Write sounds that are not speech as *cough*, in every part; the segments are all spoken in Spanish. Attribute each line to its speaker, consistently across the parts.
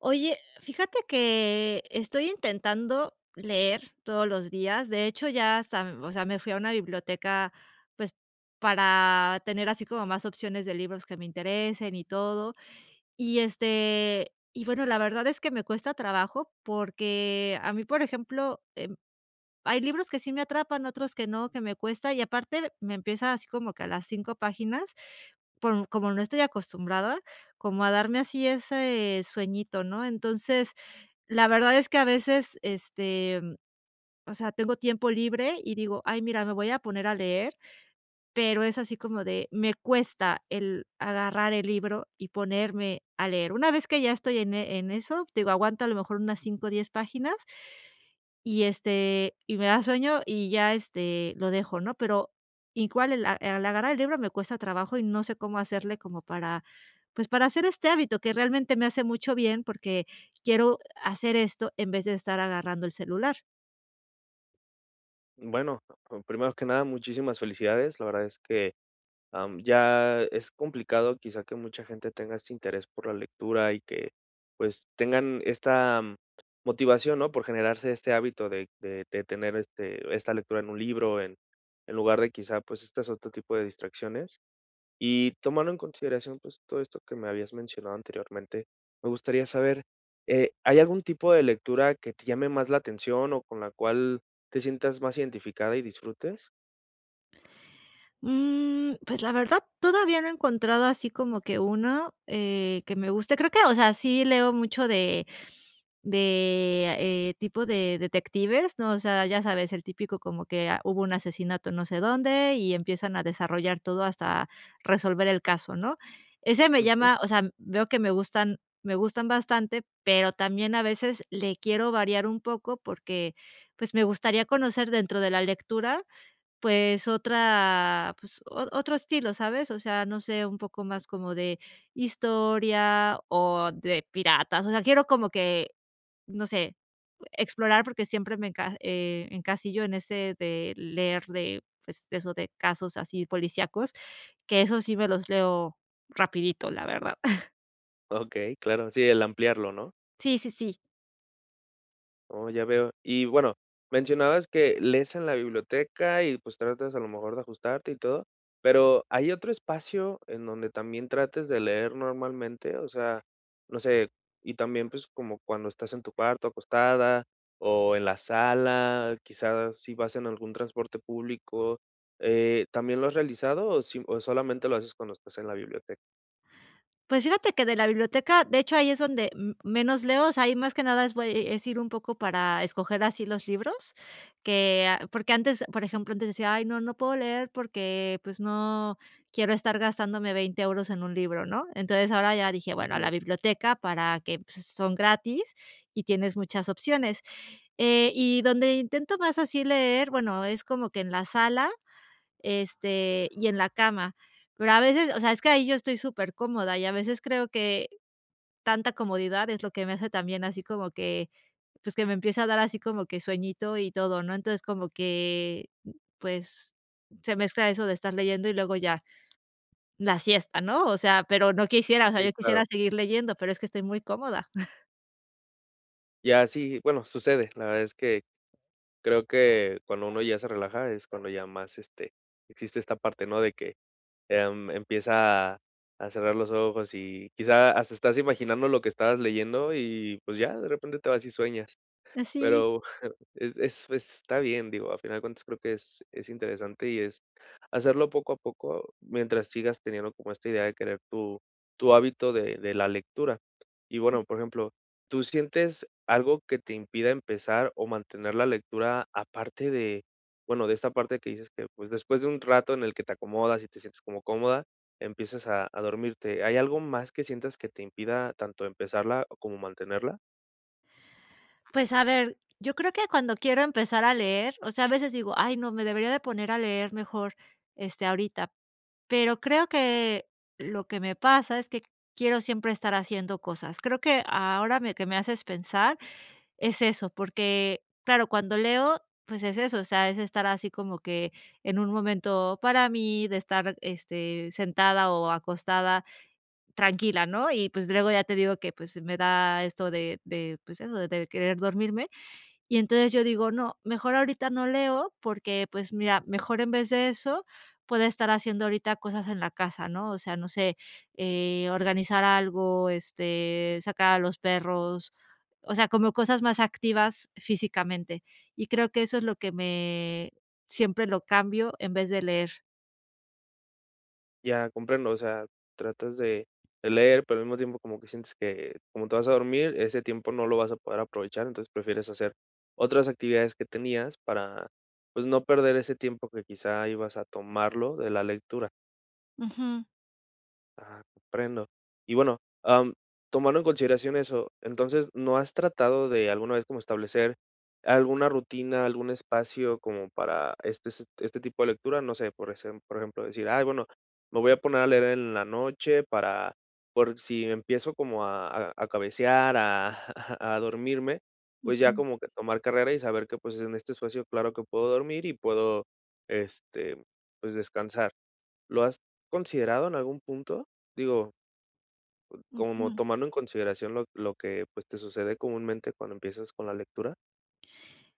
Speaker 1: Oye, fíjate que estoy intentando leer todos los días. De hecho, ya hasta, m o sea, me fui a una biblioteca, pues, para tener así como más opciones de libros que me interesen y todo, y, este, y bueno, la verdad es que me cuesta trabajo, porque a mí, por ejemplo, em, hay libros que sí me atrapan, otros que no, que me cuesta, y aparte me empieza así como que a las 5 páginas, porn como no estoy acostumbrada, como a darme así ese sueñito, ¿no? Entonces, la verdad es que a veces, este, mm, o sea, tengo tiempo libre y digo: "Ay, mira, me voy a poner a leer", pero es así como de me cuesta el agarrar el libro y ponerme a leer. Una vez que ya estoy en en eso, te digo, aguanto a lo mejor unas 5, 10 páginas y, este, y me da sueño y ya, este, lo dejo, ¿no? Pero igual el a al agarrar el libro me cuesta trabajo y no sé, cómo hacerle como para, pues, para hacer este hábito que realmente me hace mucho bien, porque quiero hacer esto en vez de estar agarrando el celular.
Speaker 2: Bueno, p p primero que nada muchísimas felicidades, la verdad es que, am, ya es complicado quizá que mucha gente tenga este interés por la lectura y que pues tengan esta motivación, ¿no? Por generarse este hábito de de de tener este esta lectura en un libro en en lugar de quizá pues estas otro tipo de distracciones y, tomando en consideración pues todo esto que me habías mencionado anteriormente, me gustaría saber, eh, ¿hay algún tipo de lectura que te llame más la atención o con la cual te sientas más identificada y disfrutes?
Speaker 1: Mm, pues, la verdad, todavía no he encontrado así como que uno, eh, que me guste, creo que, o sea, sí leo mucho de de, eh, tipo de detectives, ¿no? O sea, ya sabes, el típico como que: "Ah, hubo un asesinato no sé dónde y empiezan a desarrollar todo hasta resolver el caso", ¿no? Ese me
Speaker 2: Ujú.
Speaker 1: llama, o sea, veo que me gustan me gustan bastante, pero también a veces le quiero variar un poco porque, pues me gustaría conocer dentro de la lectura, pues otra, pues o otro estilo, ¿sabes? O sea, no sé, un poco más como de historia o de piratas. O sea, quiero como que, no sé, explorar porque siempre me enca eh, encasillo en ese de leer de, pues eso de casos así policíacos, que eso sí me los leo rapidito, la verdad. *chuckles*
Speaker 2: Okey, claro, sí, el ampliarlo, ¿no?
Speaker 1: Sí, sí, sí.
Speaker 2: Oh, ya veo. Y bueno, mencionabas que lees en la biblioteca y pues tratas a lo mejor de ajustarte y todo pero, ¿hay otro espacio en donde también trates de leer normalmente? O sea, no sé y también pues como cuando estás en tu cuarto acostada o en la sala, quizás si vas en algún transporte público, eh, ¿también lo has realizado o si o solamente lo haces cuando estás en la biblioteca?
Speaker 1: Pues, fíjate que de la biblioteca de hecho, ahí es donde m menos leo, o sea, ahí más que nada es voy e es ir un poco para escoger así los libros que a porque antes, por ejemplo, antes decía: "Ay no, no puedo leer porque, pues, no quiero estar gastándome 20 euros en un libro, ¿no?". Entonces ahora ya dije: "Bueno, a la
Speaker 2: Ujú.
Speaker 1: biblioteca para que pues, son gratis y tienes muchas opciones". Eh, y donde intento más así leer, bueno, es como que en la sala, este, y en la cama, pero a veces o sea, es que ahí yo estoy supercómoda y a veces creo que tanta comodidad es lo que me hace también así como que pues que me empieza a dar así como que sueñito y todo, ¿no? Entonces, como que, pues se mezcla eso de estar leyendo y luego ya la siesta, ¿no? O sea, pero no quisiera o sea,
Speaker 2: Sí,
Speaker 1: yo
Speaker 2: claro.
Speaker 1: quisiera seguir leyendo, pero es que estoy muy cómoda. *chuckles*
Speaker 2: Ya, sí, bueno, sucede, la verdad es que creo que cuando uno ya se relaja es cuando ya más, este, existe esta parte, ¿no? De que, em, empieza a, a cerrar los ojos y quizá hasta estás imaginando lo que estabas leyendo, y, pues, ya de repente te vas y sueñas.
Speaker 1: Ah, sí.
Speaker 2: Pero *chuckles* es es es está bien, digo, a final de cuentas, creo que es es interesante y es hacerlo poco a poco mientras sigas teniendo como esta idea de querer tu tu hábito de de la lectura, y,
Speaker 1: Ujú.
Speaker 2: bueno, por ejemplo, ¿tú sientes algo que te impida empezar o mantener la lectura? Aparte de, bueno, de esta parte que dices que, pues, después de un rato en el que te acomodas y te sientes como cómoda, empiezas a a dormirte, ¿hay algo más que sientas que te impida tanto empezarla o como mantenerla?
Speaker 1: Pues, a ver, yo creo que cuando quiero empezar a leer o sea, a veces digo: "Ay, no, me debería de poner a leer mejor, este, ahorita", pero creo que lo que me pasa es que quiero siempre estar haciendo cosas. Creo que ahora me que me haces pensar es eso, porque, claro, cuando leo, pues es eso, o sea, es estar así como que en un momento para mí de estar, este, sentada o acostada tranquila, ¿no? Y, pues, luego ya te digo que, pues, me da esto de de, pues eso, de querer dormirme. Y entonces yo digo: "No, mejor ahorita no leo", porque, pues mira, mejor, en vez de eso, puedo estar haciendo ahorita cosas en la casa, ¿no? O sea, no sé, eh, organizar algo, este, sacar a los perros, o sea, como cosas más activas físicamente. Y creo que eso es lo que me siempre lo cambio en vez de leer.
Speaker 2: Ya comprendo, o sea, tratas de de leer, pero al mismo tiempo como que sientes que, como te vas a dormir, ese tiempo no lo vas a poder aprovechar, entonces prefieres hacer otras actividades que tenías para, pues, no perder ese tiempo que quizá ibas a tomarlo de la lectura.
Speaker 1: Ujú.
Speaker 2: Ah, comprendo y bueno, am, tomando en consideración eso, entonces, ¿no has tratado de alguna vez como establecer alguna rutina, algún espacio como para este, se este tipo de lectura?, no sé, por esem por ejemplo decir: "Ay, bueno, me voy a poner a leer en la noche para por si empiezo como a a a cabecear, a *chuckles* a a dormirme, pues, ya
Speaker 1: Ujú.
Speaker 2: como que tomar carrera y saber que, pues, en este espacio claro que puedo dormir y puedo, este, pues, descansar". ¿Lo has considerado en algún punto?, digo como
Speaker 1: Ujú.
Speaker 2: tomando en consideración lo lo que, pues, te sucede comúnmente cuando empiezas con la lectura.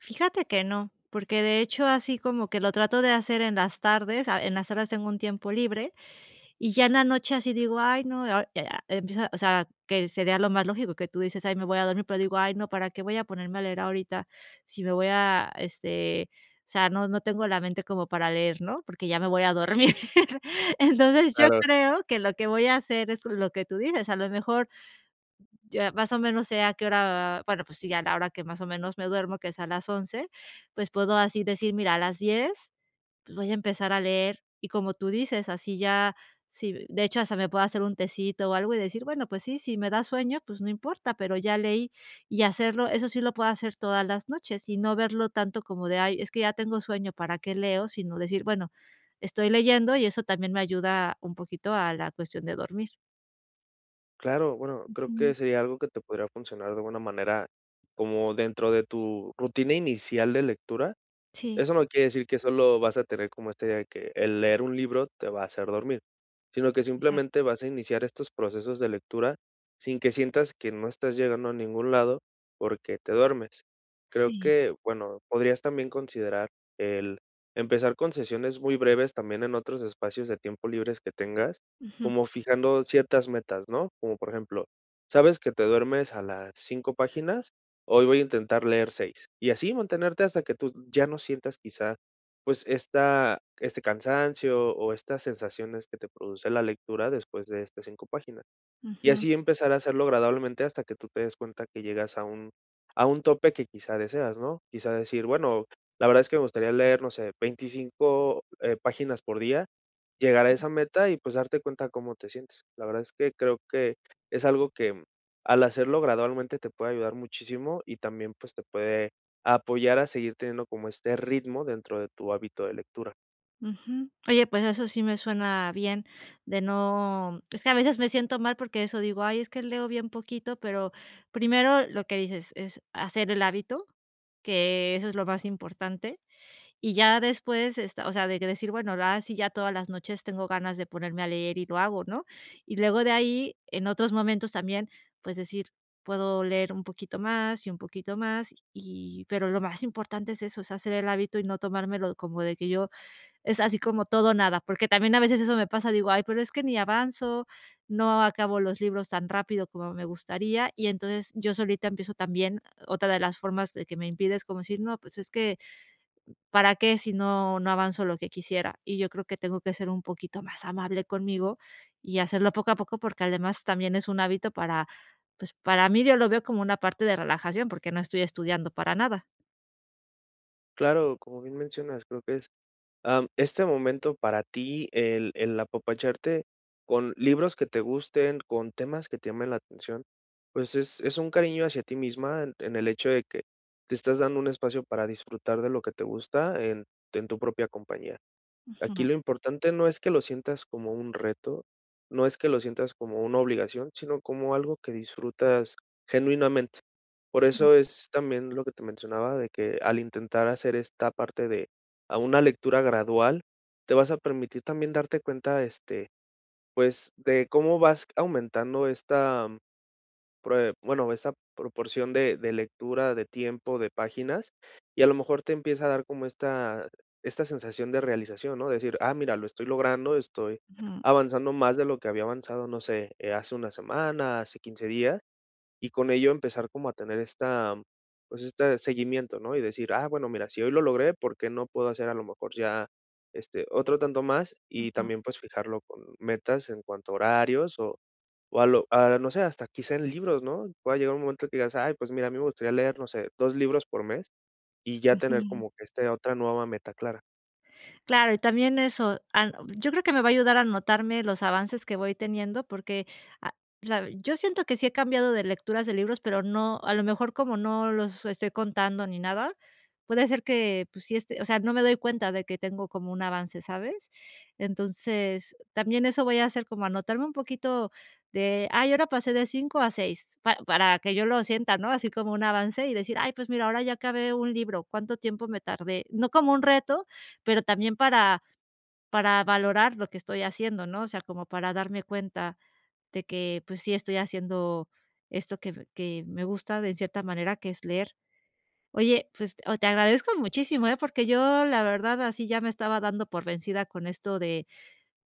Speaker 1: Fíjate que no, porque de hecho, así como que lo trato de hacer en las tardes, ah, en las horas tengo un tiempo libre y ya en la noche así digo: "Ay, no", eh, ah, empieza, o sea, que sería lo más lógico que tú dices: "Ay, me voy a dormir", pero digo: "Ay, no, para qué voy a ponerme a leer ahorita si me voy a este, o sea, no no tengo la mente como para leer", ¿no?, porque ya me voy a dormir, entonces, yo
Speaker 2: Claro.
Speaker 1: creo que lo que voy a hacer es lo que tú dices, a lo mejor ya más o menos sé a qué hora, va bueno, pues sí ya es la hora que más o menos me duermo, que es a las 11 pues puedo así decir: "Mira, a las 10 voy a empezar a leer". Y como tú dices, así ya, sí, de hecho, hasta me puedo hacer un tecito o algo y decir: "Bueno, pues sí, si me da sueño, pues no importa, pero ya leí", y hacerlo, eso sí lo puedo hacer todas las noches y no verlo tanto como de: "Ay, es que ya tengo sueño, ¿para qué leo?", sino decir: "Bueno, estoy leyendo y eso también me ayuda un poquito a la cuestión de dormir".
Speaker 2: Claro, bueno, creo que
Speaker 1: Ujú.
Speaker 2: sería algo que te podría funcionar de alguna manera como dentro de tu rutina inicial de lectura,
Speaker 1: Sí.
Speaker 2: eso no quiere decir que solo vas a tener como, este, de que el leer un libro te va a hacer dormir, sino que
Speaker 1: Ujú.
Speaker 2: simplemente vas a iniciar estos procesos de lectura sin que sientas que no estás llegando a ningún lado porque te duermes. Creo
Speaker 1: Sí.
Speaker 2: que, bueno, podrías también considerar el empezar con sesiones muy breves también en otros espacios de tiempo libres que tengas,
Speaker 1: Ujú.
Speaker 2: como fijando ciertas metas, ¿no? Como por ejemplo, sabes que te duermes a las 5 páginas, hoy voy a intentar leer 6, y así mantenerte hasta que tú ya no sientas quizá pues, esta este cansancio o estas sensaciones que te produce la lectura después de estas 5 páginas, y
Speaker 1: Ujú. r
Speaker 2: así empezar a hacerlo agradablemente hasta que tú te des cuenta que llegas a un a un tope que quizá deseas, ¿no? Quizá decir: "Bueno, la verdad es que me gustaría leer, no sé, 25, eh, páginas por día, llegar a esa meta y pues darte cuenta cómo te sientes. La verdad es que creo que es algo que, mm, al hacerlo gradualmente te puede ayudar muchísimo y también, pues, te puede apoyar a seguir teniendo como este ritmo dentro de tu hábito de lectura.
Speaker 1: Ujú, oye, pues eso sí me suena bien de no es que a veces me siento mal porque eso, digo: "Ay, es que leo bien poquito", pero primero lo que dices: "Es hacer el hábito", que eso es lo más importante, y ya después, esta o sea, de que decir: "Bueno, la a sí, ya todas las noches tengo ganas de ponerme a leer y lo hago, ¿no?". Y luego de ahí, en otros momentos también, pues decir, puedo leer un poquito más y un poquito más y pero lo más importante es eso, es hacer el hábito y no tomármelo como de que yo es así como todo o nada. Porque también a veces eso me pasa, digo: "Ay, pero es que ni avanzo, no acabo los libros tan rápido como me gustaría". Y entonces, yo solita empiezo también otra de las formas de que me impide es como decir: "No, pues es que, ¿para qué? Si no no avanzo lo que quisiera". Y yo creo que tengo que ser un poquito más amable conmigo y hacerlo poco a poco, porque además también es un hábito para, pues, para mí yo lo veo como una parte de relajación porque no estoy estudiando para nada.
Speaker 2: Claro, como bien mencionas, creo que es am, este momento para ti, el el apapacharte con libros que te gusten, con temas que te llamen la atención, pues es es un cariño hacia ti misma en en el hecho de que te estás dando un espacio para disfrutar de lo que te gusta en en tu propia compañía. Aquí
Speaker 1: Ujú.
Speaker 2: lo importante no es que lo sientas como un reto, no es que lo sientas como una obligación, sino como algo que disfrutas genuinamente. Por
Speaker 1: Sí.
Speaker 2: eso es también lo que te mencionaba, de que al intentar hacer esta parte de a una lectura gradual, te vas a permitir también darte cuenta, este, pues de cómo vas aumentando esta prue bueno, esta proporción de de lectura, de tiempo, de páginas, y a lo mejor te empieza a dar como esta esta sensación de realización, ¿no? Decir: "Ah mira lo estoy logrando, estoy
Speaker 1: Ujú.
Speaker 2: avanzando más de lo que había avanzado, no sé, eh, hace 1 semana, hace 15 días", y con ello empezar como a tener esta pues, este seguimiento, ¿no? Y decir: "Ah bueno mira, si hoy lo logré, ¿por qué no puedo hacer a lo mejor ya, este, otro tanto más?", y
Speaker 1: Ujú.
Speaker 2: también, pues fijarlo con metas en cuanto a horarios o o a lo a no sé, hasta quizá en libros, ¿no? Pueda llegar un momento que digas: "Ay, pues, mira, a mí me gustaría leer, no sé, 2 libros por mes", y ya tener
Speaker 1: Ujú.
Speaker 2: como que este otra nueva meta clara.
Speaker 1: Claro, y también eso, an yo creo que me va a ayudar a notarme los avances que voy teniendo, porque a la yo siento que sí he cambiado de lecturas de libros, pero no a lo mejor, como no los estoy contando ni nada, puede ser que, pues si, este o sea, no me doy cuenta de que tengo como un avance, ¿sabes? Entonces también eso voy a hacer como anotarme un poquito de ay, ahora pasé de 5 a 6, pa para que yo lo sienta, ¿no?, así como un avance y decir: "Ay, pues mira, ahora ya acabé un libro, ¿cuánto tiempo me tardé?", no como un reto, pero también para para valorar lo que estoy haciendo, ¿no? O sea, como para darme cuenta de que, pues, sí estoy haciendo esto que que me gusta de cierta manera, que es leer. Oye, pues o te agradezco muchísimo, ¿eh?, porque yo la verdad así ya me estaba dando por vencida con esto de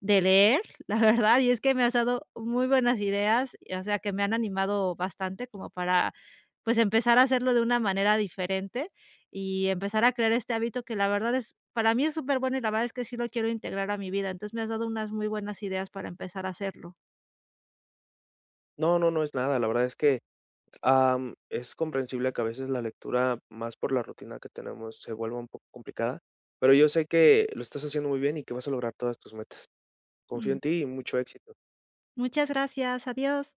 Speaker 1: de leer, la verdad, y es que me has dado muy buenas ideas, y o sea, que me han animado bastante como para, pues, empezar a hacerlo de una manera diferente y empezar a crear este hábito que la verdad es para mí es superbueno y la verdad es que sí lo quiero integrar a mi vida. Entonces, me has dado unas muy buenas ideas para empezar a hacerlo.
Speaker 2: No, no, no es nada. La verdad es que, am, es comprensible que a veces la lectura, más por la rutina que tenemos, se vuelva un poco complicada, pero yo sé que lo estás haciendo muy bien y que vas a lograr todas tus metas. Confío
Speaker 1: Ujú.
Speaker 2: en ti y mucho éxito.
Speaker 1: Muchas gracias, adiós.